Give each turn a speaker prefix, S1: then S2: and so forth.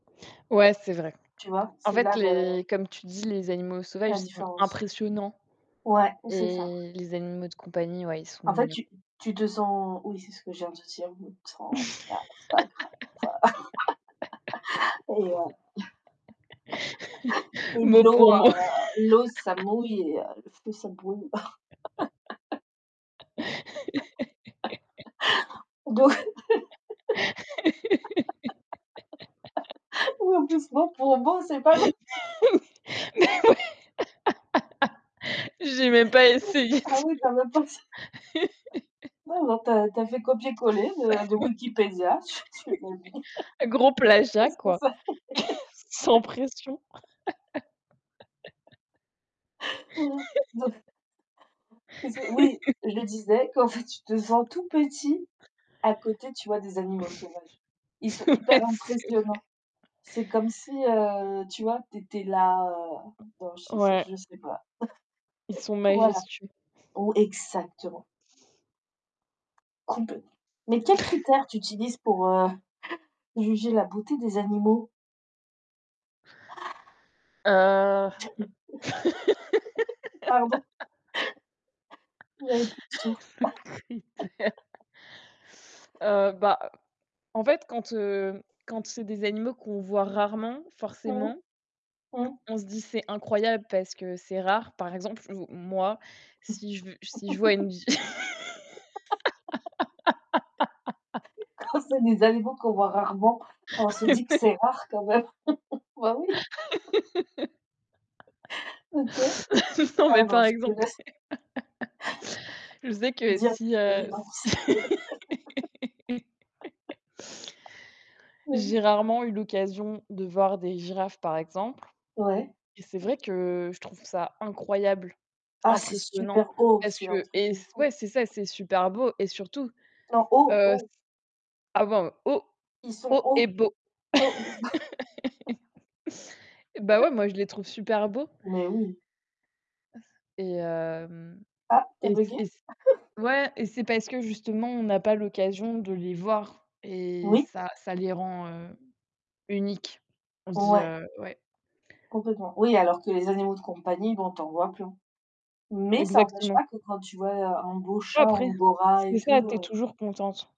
S1: Ouais, c'est vrai.
S2: Tu vois,
S1: En
S2: c'est
S1: fait,
S2: là
S1: les
S2: le
S1: comme tu dis, les animaux sauvages ils
S2: la
S1: sont
S2: différence.
S1: impressionnants
S2: Ouais, c'est ça.
S1: et les animaux de compagnie, ouais, ils sont
S2: En fait,
S1: mignons.
S2: tu tu te sens oui, c'est ce que je viens te dire, tu te sens ah c'est pas grave et heu, et
S1: Mot
S2: l'eau,
S1: pour mot.
S2: heu, l'eau ça mouille et heu, le feu ça brûle. D'eau oui en plus mot pour mot c'est pas genre
S1: Mais oui! J'ai même pas essayé de
S2: Ah oui tu avais pas s Ouais non, tu as tu as fait copié collé de de Wikipedia, tu tu l'as dit.
S1: Oui. Oui. Gros plagiat
S2: Ah ça
S1: quoi,
S2: c'est
S1: sans pression.
S2: mmh mh, donc, qu'est-ce que oui. Je disais qu'en fait, tu te sens tout petit à côté, tu vois, des animaux sauvages. Ils sont
S1: Ouais,
S2: hyper
S1: c'est vrai.
S2: impressionnants. C'est comme si, heu, tu vois, tu étais là, heu, dans, je sais
S1: Ouais.
S2: je sais pas.
S1: Ils sont
S2: Voilà.
S1: majestueux.
S2: Au exactement. Complèt mais quels critères tu utilises, pour, heu, juger la beauté des animaux?
S1: Heu
S2: Pardon. J'avais plus de souffle.
S1: le critère. Heu, bah, en fait, quand, heu, quand c'est des animaux qu'on voit rarement,
S2: Mmh.
S1: forcément
S2: Mmh.
S1: on se dit: «C'est incroyable, parce que c'est rare». Par exemple, ou moi, si je v si je vois une vi
S2: Quand c'est des animaux qu'on voit rarement, on se
S1: Mais
S2: dit que
S1: ouais.
S2: c'est rare quand même. Bah oui. OK.
S1: Non, mais
S2: Pardon,
S1: par
S2: je te
S1: exemple,
S2: laisse
S1: je sais que
S2: dire
S1: si,
S2: des
S1: heu, s
S2: évidences. Oui. Oui.
S1: J'ai rarement eu l'occasion de voir des girafes par exemple
S2: Ouais.
S1: et c'est
S2: [unintelligible]
S1: vrai que je trouve ça incroyable,
S2: Ah c'est
S1: impressionnant.
S2: super haut,
S1: Parce
S2: c'est un
S1: que et
S2: truc de
S1: s
S2: fou.
S1: ouais, c'est ça, c'est super beau et surtout,
S2: Non, haut!
S1: heu, s
S2: Haut.
S1: avant haut
S2: Ils sont
S1: haut
S2: hauts.
S1: et beau.
S2: Hauts
S1: Eh bah ouais, moi, je les trouve super beaux
S2: Mais oui.
S1: et hem
S2: Ah, tu as
S1: et c
S2: buggé?
S1: et c ouais et c'est parce que justement, on n'a pas l'occasion de les voir et
S2: Oui.
S1: ça ça les rend, heu, uniques. On se dit,
S2: Ouais.
S1: heu ouais.
S2: Complètement. Oui, alors que les animaux de compagnie, bon, tu en vois plein. Mais ça empêche
S1: Exactement.
S2: pas que quand tu vois un un beau chat
S1: Après
S2: angora et
S1: c'est ça,
S2: tout,
S1: tu es
S2: heu
S1: toujours contente.